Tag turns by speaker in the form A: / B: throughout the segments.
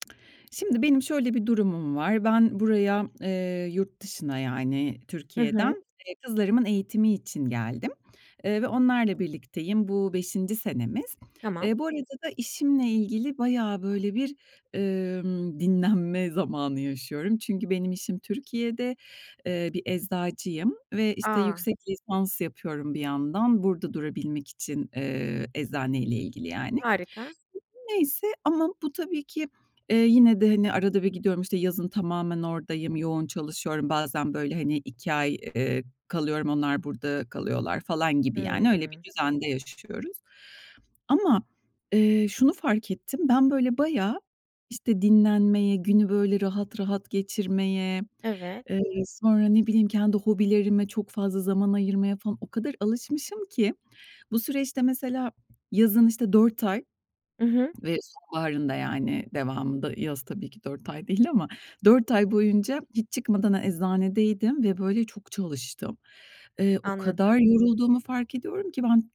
A: Şimdi, benim şöyle bir durumum var: Ben buraya, eee, yurt dışına, yani,
B: Hı
A: Türkiye'den,
B: hı.
A: eee, kızlarımın eğitimi için geldim, eee, ve onlarla birlikteyim. Bu 5'inci senemiz.
B: Tamam.
A: Eee, bu arada da işimle ilgili bayağı, böyle, bir, emm, dinlenme zamanı yaşıyorum. Çünkü, benim işim Türkiye'de, eee, bir eczacıyım ve, işte,
B: A!
A: yüksek lisans yapıyorum bir yandan burada durabilmek için, eee, eczaneyle ilgili yani.
B: Harika.
A: Neyse ama bu, tabii ki, eee, yine de, hani, arada bir gidiyorum, işte, yazın tamamen oradayım yoğun çalışıyorum bazen, böyle, hani, 2 ay, eee, kalıyorum. Onlar, burada kalıyorlar falan gibi, yani, öyle bir
B: Hımm.
A: düzende yaşıyoruz. Ama, eee, şunu fark ettim. Ben, böyle, bayağı, işte, dinlenmeye, günü, böyle, rahat rahat geçirmeye,
B: Evet.
A: eee, sonra ne bileyim, kendi hobilerime çok fazla zaman ayırmaya falan o kadar alışmışım ki bu süreçte, mesela, yazın, işte, 4 ay
B: I hı.
A: ve sonbaharında, yani, devamında yaz, tabii ki, 4 ay değil ama 4 ay boyunca hiç çıkmadan eczanedeydim ve, böyle, çok çalıştım. Eee, o kadar
B: Anladım.
A: yorulduğumu fark ediyorum ki ben,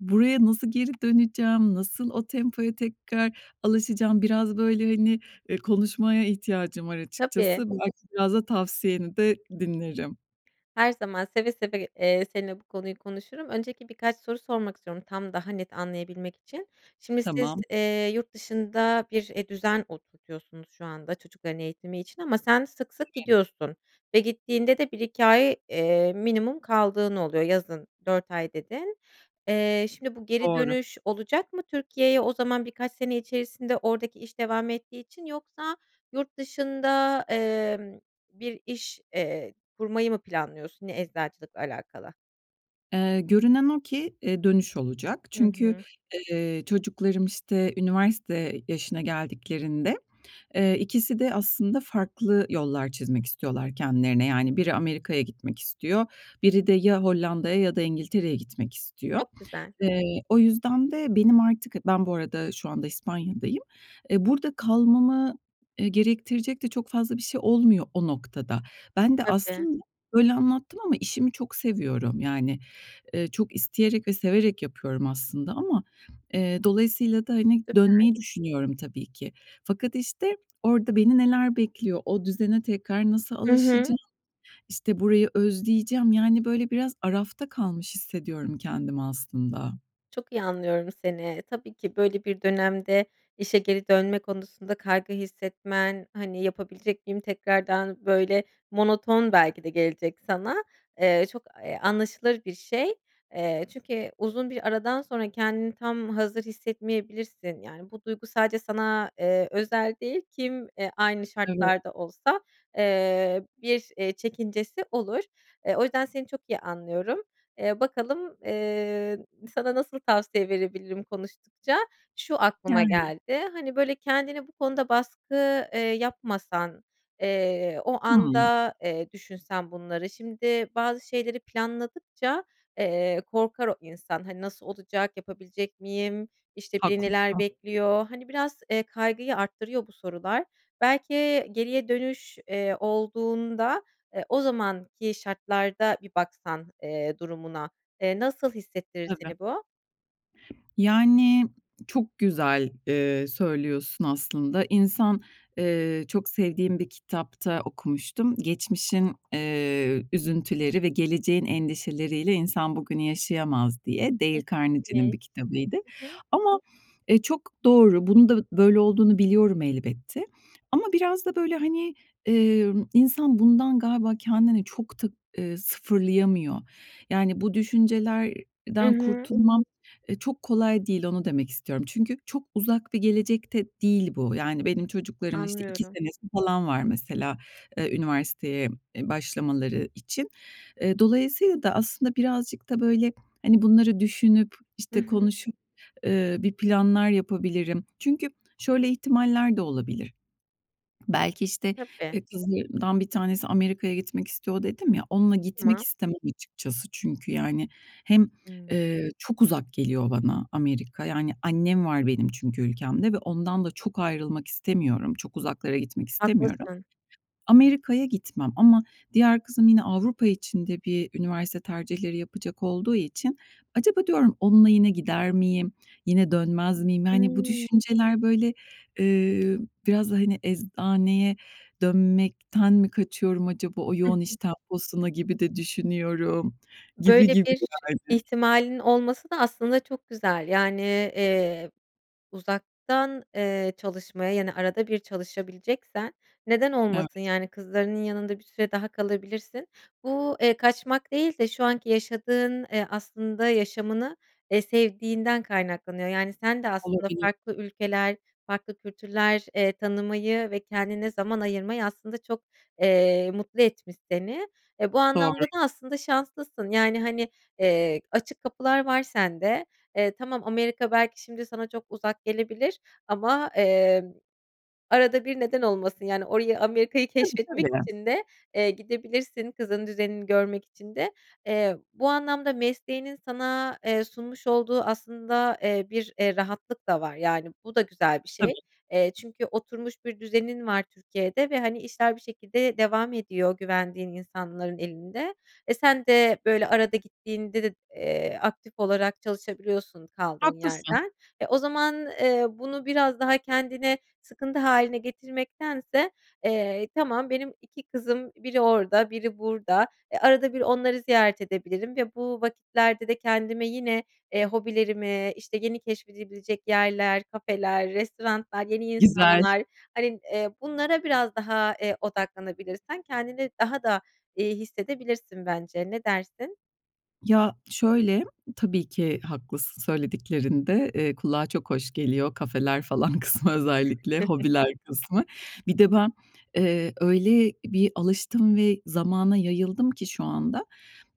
A: buraya nasıl geri döneceğim, nasıl o tempoya tekrar alışacağım? Biraz, böyle, hani, eee, konuşmaya ihtiyacım var
B: Tabii.
A: açıkçası. Belki biraz da tavsiyeni de dinlerim.
B: Her zaman, seve seve g eee, seninle bu konuyu konuşurum. Öncelikle birkaç soru sormak istiyorum tam, daha net anlayabilmek için: Şimdi siz,
A: Tamam.
B: eee, yurt dışında bir, eee, düzen oturtuyorsunuz şu anda çocukların eğitimi için ama sen sık sık
A: Evet.
B: gidiyorsun ve gittiğinde de 1-2 ay, eee, minimum kaldığın oluyor, yazın 4 ay, dedin. Eee, şimdi, bu, geri
A: Doğru.
B: dönüş olacak mı Türkiye'ye o zaman birkaç sene içerisinde oradaki iş devam ettiği için? Yoksa yurt dışında, emm, bir iş, eee, kurmayı mı planlıyorsun yine eczacılıkla alakalı?
A: Eee, görünen o ki, eee, dönüş olacak.
B: Hı
A: Çünkü,
B: hı.
A: eee, çocuklarım, işte, üniversite yaşına geldiklerinde. Eee, ikisi de aslında farklı yollar çizmek istiyorlar kendilerine. Yani, biri Amerika'ya gitmek istiyor. Biri de ya Hollanda'ya ya da İngiltere'ye gitmek istiyor.
B: Çok güzel.
A: Eee, o yüzden de benim artık, ben bu arada, şu anda, İspanya'dayım. Eee, burada kalmamı, eee, gerektirecek de çok fazla bir şey olmuyor, o noktada. Ben de
B: Tabii.
A: aslında böyle anlattım ama işimi çok seviyorum. Yani, eee, çok isteyerek ve severek yapıyorum aslında ama, eee, dolayısıyla da, hani,
B: Süper.
A: dönmeyi düşünüyorum tabii ki. Fakat, işte, orada beni, neler bekliyor, o düzene tekrar nasıl
B: Hı hı.
A: alışacağım, işte, burayı özleyeceğim, yani, böyle, biraz arafta kalmış hissediyorum kendimi aslında.
B: Çok iyi anlıyorum seni, tabii ki böyle bir dönemde, işe geri dönme konusunda kaygı hissetmen, hani, "Yapabilecek miyim tekrardan?" Böyle, monoton belki de gelecek sana. Eee, çok eee, a anlaşılır bir şey, eee, çünkü uzun bir aradan sonra kendini tam hazır hissetmeyebilirsin, yani, bu duygu sadece sana, eee, özel değil, kim, eee, aynı
A: Evet.
B: şartlarda olsa, eee, bir, eee, çekincesi olur. Eee, o yüzden seni çok iyi anlıyorum. Eee, bakalım, eee, sana nasıl tavsiye verebilirim konuştukça, şu, aklıma
A: Yani.
B: geldi: Hani, böyle, kendine bu konuda baskı, eee, yapmasan, eee, o
A: Hıı.
B: anda, eee, düşünsen bunları, şimdi bazı şeyleri planladıkça, eee, korkar o insan, hani, "Nasıl olacak, yapabilecek miyim?", işte, "Beni neler
A: Haklısın.
B: bekliyor?" hani, biraz, eee, kaygıyı arttırıyor bu sorular. Belki, eee, geriye dönüş, eee, olduğunda, eee, o zamanki şartlarda bir baksan, eee, durumuna, eee, nasıl hissettirir
A: Tabii.
B: seni bu?
A: Yani, çok güzel, eee, söylüyorsun aslında. İnsan, eee, çok sevdiğim bir kitapta okumuştum: "Geçmişin, eee, üzüntüleri ve geleceğin endişeleriyle insan bugünü yaşayamaz" diye, Dale
B: [unintelligible] Hı
A: Carnegie'nin bir kitabıydı.
B: hı.
A: Ama, eee, çok doğru, bunun da böyle olduğunu biliyorum elbette. Ama biraz da, böyle, hani, emm, insan bundan galiba kendini çok da, eee, sıfırlayamıyor. Yani, bu
B: Hı
A: düşüncelerden
B: hı.
A: kurtulmam, eee, çok kolay değil, onu demek istiyorum. Çünkü çok uzak bir gelecekte değil bu. Yani, benim çocuklarımın işte 2
B: Anlıyorum.
A: senesi falan var mesela, eee, üniversiteye, eee, başlamaları için. Eee, dolayısıyla da, aslında, birazcık da, böyle, hani, bunları düşünüp,
B: Hı
A: işte,
B: hı.
A: konuşup, eee, bir planlar yapabilirim. Çünkü şöyle ihtimaller de olabilir, belki, işte,
B: Tabii.
A: eee, kızlarımdan bir tanesi Amerika'ya gitmek istiyor, dedim ya, onunla gitmek
B: [unintelligible]
A: istemem açıkçası. Çünkü, yani, hem,
B: Hıı.
A: eee, çok uzak geliyor bana Amerika. Yani, annem var benim çünkü ülkemde ve ondan da çok ayrılmak istemiyorum. Çok uzaklara gitmek istemiyorum.
B: Haklısın.
A: Amerika'ya gitmem ama diğer kızım yine Avrupa için de bir üniversite tercihleri yapacak olduğu için acaba diyorum, "Onunla yine gider miyim, yine dönmez miyim?" Yani, bu
B: Hıı.
A: düşünceler, böyle, eee, biraz da, hani, "Eczaneye dönmekten mi kaçıyorum acaba?" O
B: Hı
A: yoğun iş
B: hı.
A: temposuna gibi de düşünüyorum, gibi
B: Böyle
A: gibi
B: bir
A: yani.
B: ihtimalin olması da, aslında çok güzel, yani, eee, uzaktan, eee, çalışmaya, yani, arada bir çalışabileceksen, neden
A: Evet.
B: olmasın, yani, kızlarının yanında bir süre daha kalabilirsin. Bu, eee, kaçmak değil de şu anki yaşadığın, eee, aslında, yaşamını, eee, sevdiğinden kaynaklanıyor. Yani, sen de aslında
A: Olabilir.
B: farklı ülkeler, farklı kültürler, eee, tanımayı ve kendine zaman ayırmayı aslında çok, eee, mutlu etmiş seni. Eee, bu
A: Doğru.
B: anlamda da aslında şanslısın, yani, hani, eee, açık kapılar var sende. Eee, tamam Amerika belki şimdi sana çok uzak gelebilir ama, eee, arada bir neden olmasın, yani, orayı, Amerika'yı
A: Tabii,
B: keşfetmek
A: tabii.
B: için de, eee, gidebilirsin, kızının düzenini görmek için de. Eee, bu anlamda, mesleğinin sana, eee, sunmuş olduğu, aslında, eee, bir, eee, rahatlık da var, yani, bu da güzel bir şey.
A: Tabii.
B: Eee, çünkü oturmuş bir düzenin var Türkiye'de ve, hani, işler bir şekilde devam ediyor, güvendiğin insanların elinde. Eee, sen de böyle arada gittiğinde de, eee, aktif olarak çalışabiliyorsun kaldığın
A: Haklısın.
B: yerden. Eee, o zaman, eee, bunu biraz daha kendine sıkıntı hâline getirmektense, eee, "Tamam, benim 2 kızım, biri orada biri burada, eee, arada bir onları ziyaret edebilirim ve bu vakitlerde de kendime yine, eee, hobilerimi, işte, yeni keşfedilebilecek yerler, kafeler, restoranlar, yeni
A: Güzel.
B: insanlar, hani, eee, bunlara biraz daha, eee, odaklanabilirsen, kendini daha da iyi hissedebilirsin bence, ne dersin?
A: Ya, şöyle, tabii ki haklısın söylediklerinde, eee, kulağa çok hoş geliyor. Kafeler falan kısmı özellikle, hobiler kısmı. Bir de ben, eee, öyle bir alıştım ve zamana yayıldım ki şu anda.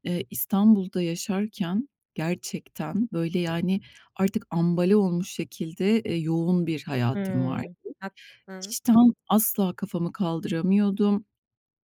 A: Eee, İstanbul'da yaşarken gerçekten, böyle, yani, artık ambale olmuş şekilde, eee, yoğun bir hayatım vardı.
B: Hıı. Haklısın.
A: İşten, asla kafamı kaldıramıyordum,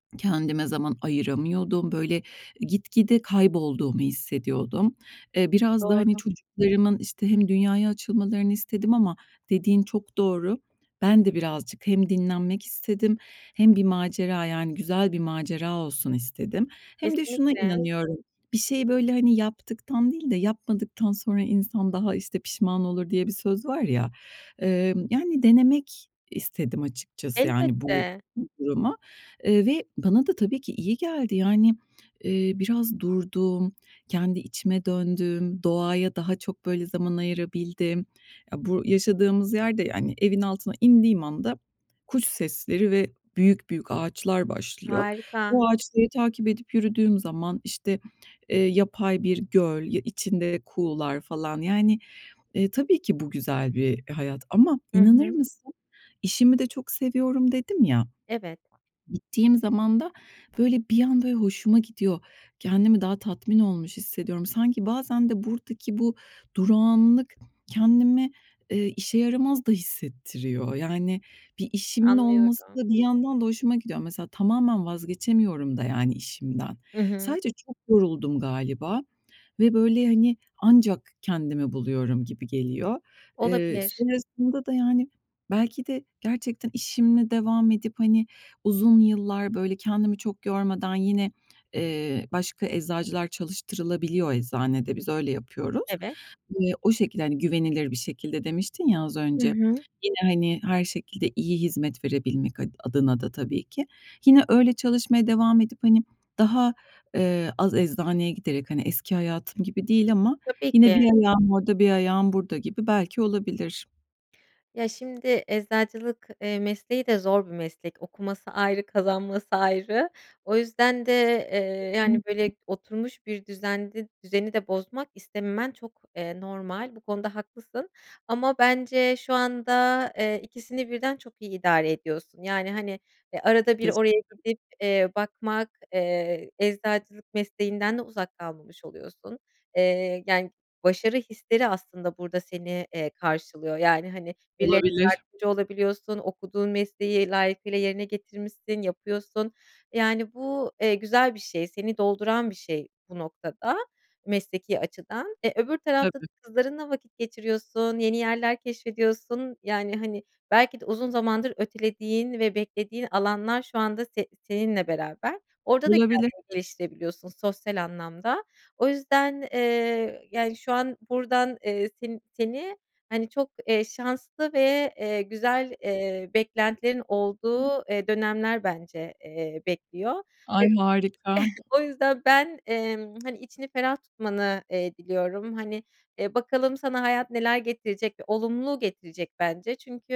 A: kendime zaman ayıramıyordum. Böyle, gitgide kaybolduğumu hissediyordum. Eee, biraz da, hani,
B: Doğru.
A: çocuklarımın, işte, hem dünyaya açılmalarını istedim ama dediğin çok doğru. Ben de birazcık hem dinlenmek istedim hem bir macera, yani, güzel bir macera olsun istedim. Hem de şuna
B: Kesinlikle.
A: inanıyorum: Bir şeyi, böyle, hani, yaptıktan değil de yapmadıktan sonra insan daha, işte, pişman olur, diye bir söz var ya. Emm, yani, denemek istedim açıkçası, yani, bu
B: Elbette.
A: duruma. Eee, ve bana da tabii ki iyi geldi. Yani, eee, biraz durdum, kendi içime döndüm, doğaya daha çok, böyle, zaman ayırabildim. Ya, bu yaşadığımız yer de, yani, evin altına indiğim anda, kuş sesleri ve büyük büyük ağaçlar başlıyor.
B: Harika.
A: O ağaçları takip edip yürüdüğüm zaman, işte, eee, yapay bir göl, ya, içinde kuğular falan, yani, eee, tabii ki bu güzel bir hayat. Ama
B: Hı
A: inanır
B: hı.
A: mısın, "İşimi de çok seviyorum." dedim ya,
B: Evet.
A: gittiğim zaman da böyle bir an, böyle, hoşuma gidiyor, kendimi daha tatmin olmuş hissediyorum. Sanki bazen de buradaki bu durağanlık kendimi, eee, işe yaramaz da hissettiriyor. Yani, bir işimin olması
B: Anlıyorum.
A: da bir yandan da hoşuma gidiyor. Mesela, tamamen vazgeçemiyorum da yani işimden.
B: Hı hı.
A: Sadece çok yoruldum galiba ve, böyle, hani, ancak kendimi buluyorum gibi geliyor. Eee,
B: Olabilir.
A: sonrasında da, yani, belki de gerçekten işimle devam edip, hani, uzun yıllar, böyle, kendimi çok yormadan, yine, eee, başka eczacılar çalıştırılabiliyor eczanede, biz öyle yapıyoruz.
B: Evet.
A: Eee, o şekilde, hani, güvenilir bir şekilde demiştin ya, az
B: Hı
A: önce,
B: hı.
A: yine, hani, her şekilde iyi hizmet verebilmek ad adına da tabii ki. Yine öyle çalışmaya devam edip, hani, daha, eee, az eczaneye giderek, hani, eski hayatım gibi değil ama
B: Tabii
A: yine bir
B: ki.
A: ayağım orada, bir ayağım burada gibi, belki olabilir.
B: Ya, şimdi eczacılık eee, mesleği de zor bir meslek. Okuması ayrı, kazanması ayrı. O yüzden de, eee, yani,
A: [unintelligible]
B: böyle, oturmuş bir düzende düzeni de bozmak istememen çok, eee, normal. Bu konuda haklısın ama bence şu anda, eee, 2'sini birden çok iyi idare ediyorsun, yani, hani, eee, arada bir
A: Teşek
B: oraya
A: [unintelligible]
B: gidip, eee, bakmak, eee, eczacılık mesleğinden de uzak kalmamış oluyorsun, eee, yani, başarı hisleri aslında burada seni, eee, karşılıyor, yani, hani, birilerine
A: Olabilir.
B: yardımcı olabiliyorsun, okuduğun mesleği layıkıyla yerine getirmişsin, yapıyorsun. Yani, bu, eee, güzel bir şey, seni dolduran bir şey bu noktada, mesleki açıdan. Eee, öbür tarafta da
A: Tabii.
B: kızlarınla vakit geçiriyorsun, yeni yerler keşfediyorsun, yani, hani, belki de uzun zamandır ötelediğin ve beklediğin alanlar şu anda se seninle beraber. Orada da
A: Olabilir.
B: kendini geliştirebiliyorsun sosyal anlamda. O yüzden, eee, yani, şu an buradan, eee, sen seni, hani, çok, eee, şanslı ve, eee, güzel, eee, beklentilerin olduğu, eee,
A: [unintelligible]
B: dönemler bence, eee, bekliyor. E
A: Ay, harika!
B: o yüzden ben, emm, hani, içini ferah tutmanı, eee, diliyorum. Hani, eee, bakalım sana hayat neler getirecek? Olumlu getirecek bence çünkü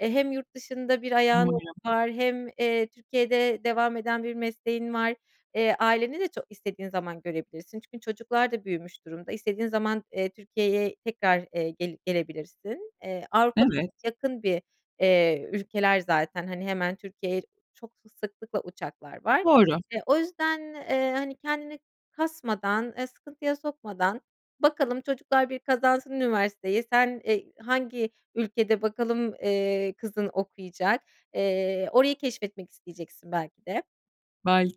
B: eee, hem yurt dışında bir ayağın
A: [unintelligible]
B: var hem, eee, Türkiye'de devam eden bir mesleğin var. Eee, aileni de ço istediğin zaman görebilirsin çünkü çocuklar da büyümüş durumda. İstediğin zaman, eee, Türkiye'ye tekrar, eee, geli gelebilirsin. Eee, Avrupa'da
A: Evet.
B: çok yakın bir, eee, ülkeler zaten, hani, hemen Türkiye'ye çok sıklıkla uçaklar var.
A: Doğru.
B: Eee, o yüzden, eee, hani, kendini kasmadan, eee, sıkıntıya sokmadan... Bakalım, çocuklar bir kazansın üniversiteyi. Sen, eee, hangi ülkede, bakalım, eee, kızın okuyacak. Eee, orayı keşfetmek isteyeceksin belki de.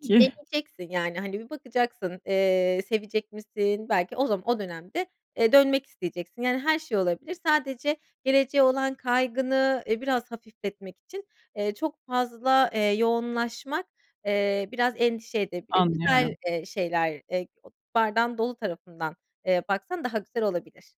B: Bir deneyeceksin. Yani, hani, bir bakacaksın, eee, sevecek misin? Belki o zaman o dönemde, eee, dönmek isteyeceksin, yani, her şey olabilir. Sadece geleceğe olan kaygını, eee, biraz hafifletmek için, eee, çok fazla, eee, yoğunlaşmak, eee, biraz endişe edebilir. Güzel,
A: Anlıyorum.
B: eee, şeyler, eee, bardağın dolu, eee, tarafından baksan daha güzel olabilir.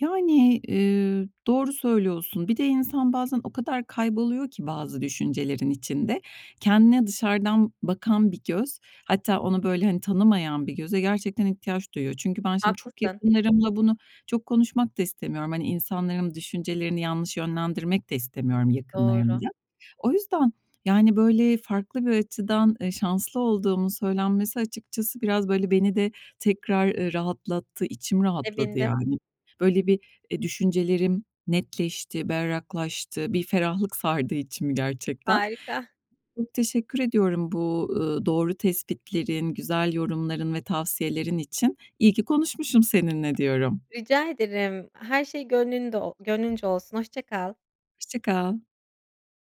A: Yani, eee, doğru söylüyorsun. Bir de insan bazen o kadar kayboluyor ki bazı düşüncelerin içinde, kendine dışarıdan bakan bir göz, hatta onu, böyle, hani, tanımayan bir göze gerçekten ihtiyaç duyuyor. Çünkü ben şimdi çok
B: Haklısın.
A: yakınlarımla bunu çok konuşmak da istemiyorum. Hani, insanların düşüncelerini yanlış yönlendirmek de istemiyorum
B: Doğru.
A: yakınlarımla. O yüzden, yani, böyle, farklı bir açıdan, eee, şanslı olduğumun söylenmesi açıkçası biraz, böyle, beni de tekrar, eee, rahatlattı. İçim rahatladı,
B: Sevindim.
A: yani. Böyle, bir, eee, düşüncelerim netleşti, berraklaştı. Bir ferahlık sardı içimi gerçekten.
B: Harika.
A: Çok teşekkür ediyorum bu, eee, doğru tespitlerin, güzel yorumların ve tavsiyelerin için. İyi ki konuşmuşum seninle, diyorum.
B: Rica ederim. Her şey gönlünde o gönlünce olsun. Hoşça kal.
A: Hoşça kal.